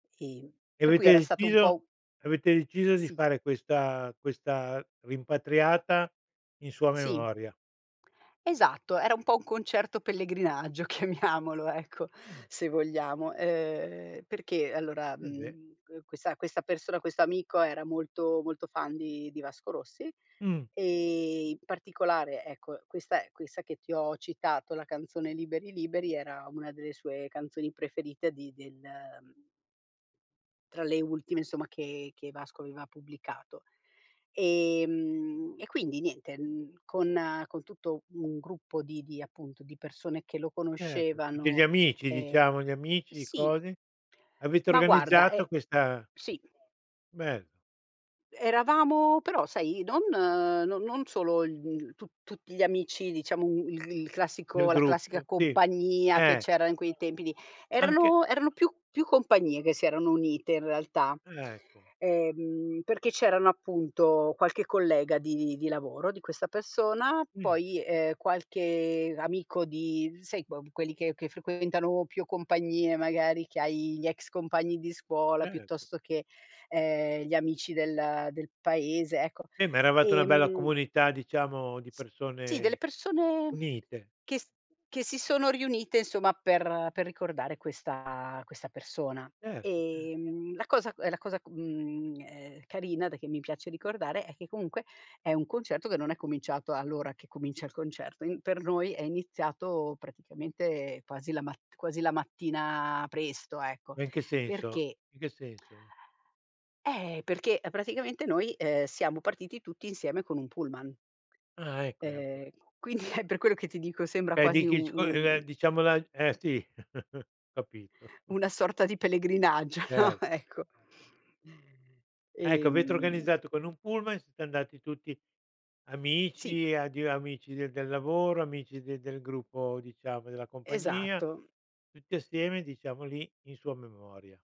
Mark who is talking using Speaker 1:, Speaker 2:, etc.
Speaker 1: Ehm,
Speaker 2: E
Speaker 1: per cui
Speaker 2: avete
Speaker 1: era stato un po'
Speaker 2: deciso
Speaker 1: un
Speaker 2: avete deciso, di
Speaker 1: Sì.
Speaker 2: fare questa questa rimpatriata in sua
Speaker 1: Sì
Speaker 2: memoria.
Speaker 1: Esatto, era un po' un concerto pellegrinaggio chiamiamolo, ecco,
Speaker 2: Mh.
Speaker 1: se vogliamo, ehm, perché allora,
Speaker 2: E beh.
Speaker 1: mhmm, que questa questa persona questo amico, era molto molto fan di di Vasco Rossi
Speaker 2: Mh.
Speaker 1: e in particolare, ecco, questa è questa che ti ho citato, la canzone "Liberi Liberi" era una delle sue canzoni preferite di del tra le ultime, insomma, che che Vasco aveva pubblicato. Ehm, e quindi niente, mhmm, con con tutto un gruppo di di appunto, di persone che lo
Speaker 2: Certo, tutti gli
Speaker 1: conoscevano,
Speaker 2: amici
Speaker 1: ehm,
Speaker 2: diciamo, gli amici,
Speaker 1: sì
Speaker 2: cosi, avete
Speaker 1: Ma guarda,
Speaker 2: organizzato
Speaker 1: e
Speaker 2: questa
Speaker 1: sì.
Speaker 2: Bello.
Speaker 1: E eravamo però sai, non no non solo, il mhmm, tu tut gli amici, diciamo il il
Speaker 2: Del
Speaker 1: classico la classica
Speaker 2: gruppo, sì,
Speaker 1: compagnia che
Speaker 2: eh.
Speaker 1: c'era in quei tempi lì,
Speaker 2: Anche
Speaker 1: erano erano più più compagnie che si erano unite in realtà.
Speaker 2: Ah, ecco.
Speaker 1: Ehm, perché c'erano appunto, qualche collega di di lavoro di questa persona,
Speaker 2: Mh.
Speaker 1: poi, ehm, qualche amico di sai que quelli che che frequentano più compagnie magari, che hai gli ex compagni di scuola,
Speaker 2: Certo.
Speaker 1: piuttosto che, ehm, gli amici del del paese, ecco.
Speaker 2: Eh, ma eravate una bella
Speaker 1: Ehm
Speaker 2: comunità diciamo di
Speaker 1: Sì, delle
Speaker 2: persone,
Speaker 1: persone
Speaker 2: unite.
Speaker 1: che s che si sono riunite, insomma, per per ricordare questa questa persona.
Speaker 2: Certo, cer
Speaker 1: Ehm, la cosa è la cosa, mhmm, ehm, carina, da che mi piace ricordare, è che comunque, è un concerto che non è cominciato all'ora che comincia il concerto. Ehm, per noi è iniziato praticamente quasi la mat quasi la mattina presto, ecco,
Speaker 2: Ma in che senso?
Speaker 1: perché
Speaker 2: In che senso?
Speaker 1: eh, perché praticamente noi, ehm, siamo partiti tutti insieme con un pullman
Speaker 2: Ah, ecco, ecco, ecco.
Speaker 1: ehm, quindi è per quello che ti dico, sembra
Speaker 2: Beh, di
Speaker 1: quasi
Speaker 2: chi, scu eh,
Speaker 1: u-un
Speaker 2: diciamo la eh sì, capito.
Speaker 1: una sorta di pellegrinaggio, no,
Speaker 2: Cer
Speaker 1: ecco.
Speaker 2: Ecco, avete
Speaker 1: Ehm
Speaker 2: organizzato con un pullman, siete andati tutti
Speaker 1: Sì.
Speaker 2: amici, ado amici di del lavoro, amici de del gruppo diciamo, della compagnia,
Speaker 1: Esatto.
Speaker 2: tutti assieme, diciamo, lì in sua memoria.